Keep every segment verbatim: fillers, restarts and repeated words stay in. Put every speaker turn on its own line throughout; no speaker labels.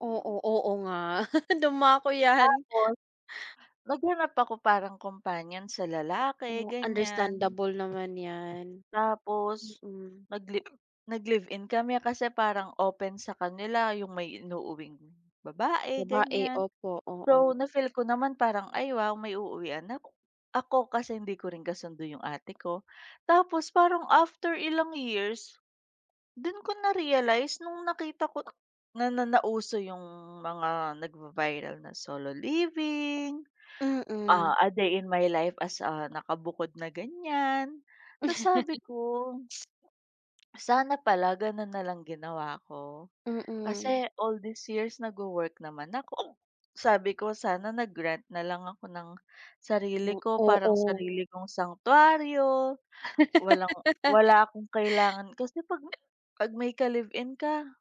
Oo, oo nga. Dumako 'yan.
Tapos naghanap ako parang companion sa lalaki,
Oh,
ganyan.
understandable naman 'yan,
Tapos
mm.
nag-live nag live-in kami kasi parang open sa kanila yung may inuuuwing babae,
Babae,
ganyan.
opo, oo.
So, na-feel ko naman parang, "Ay wow! May uuwian na ako," kasi hindi ko rin kasundo yung ate ko. Tapos parang after ilang years, dun ko na-realize nung nakita ko na nauso yung mga nagva-viral na solo living,
Mm.
ah, a day in my life as, ah, nakabukod na ganyan. Tas sabi ko sana pala ganun na lang ginawa ko.
Mm.
Kasi all these years nag-wo-work naman ako. Sabi ko sana nag-rent na lang ako ng
M
sarili ko, parang
oo.
sarili kong sanctuaryo, walang wala akong kailangan kasi 'pag may pag may ka-live-in ka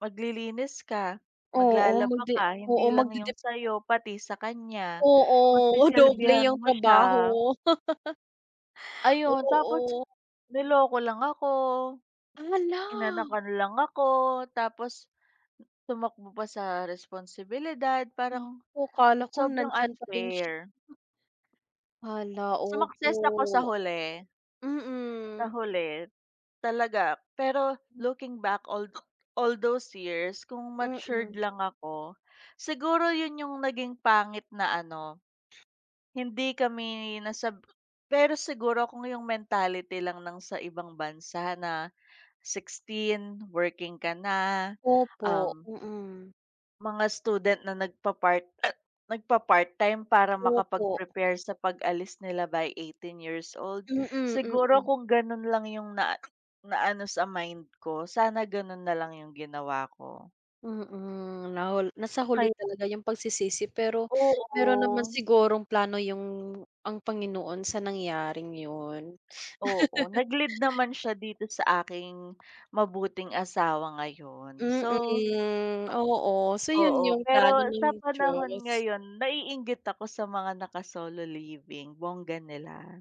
maglilinis ka,
Oo,
maglalaba
magdi
ka, hindi
oo,
lang
magdidip
yung sa'yo, pati sa kanya.
Oo, doble
Pagsisilbihan
yung
mo siya.
trabaho.
Ayun, tapos
Oo.
niloko lang ako,
Ah, hala!
inanakan lang ako tapos tumakbo pa sa responsibilidad. Parang
Naku, 'kala ko
sobrang
nandiyan pa rin siya.
unfair.
Hala,
Sumakses ako sa
opo.
huli. Sa
Mm.
huli, talaga. Pero looking back, all tho all those years, kung matured
Mm.
lang ako, siguro yun yung naging pangit na ano, hindi kami nasab pero siguro kung yung mentality lang ng sa ibang bansa na sixteen working ka na,
Opo,
um
mm.
mga student na nagpa-part nagpa-part-time para
Opo.
makapag-prepare sa pag-alis nila by eighteen years old,
Mm,
siguro
mm.
kung ganun lang yung na naano sa mind ko, sana ganun na lang yung ginawa ko.
Mm, nahul nasa huli
Kaya
talaga yung pagsisisi, pero meron naman
Oo.
sigurong plano yung ang Panginoon sa nangyaring yun.
Oo, nag-lead naman siya dito sa aking mabuting asawa ngayon. So
Mm, oo. So, yun
Oo,
yung plano
pero sa
ng
panahon
Diyos.
ngayon naiinggit ako sa mga naka-solo living, bongga nila.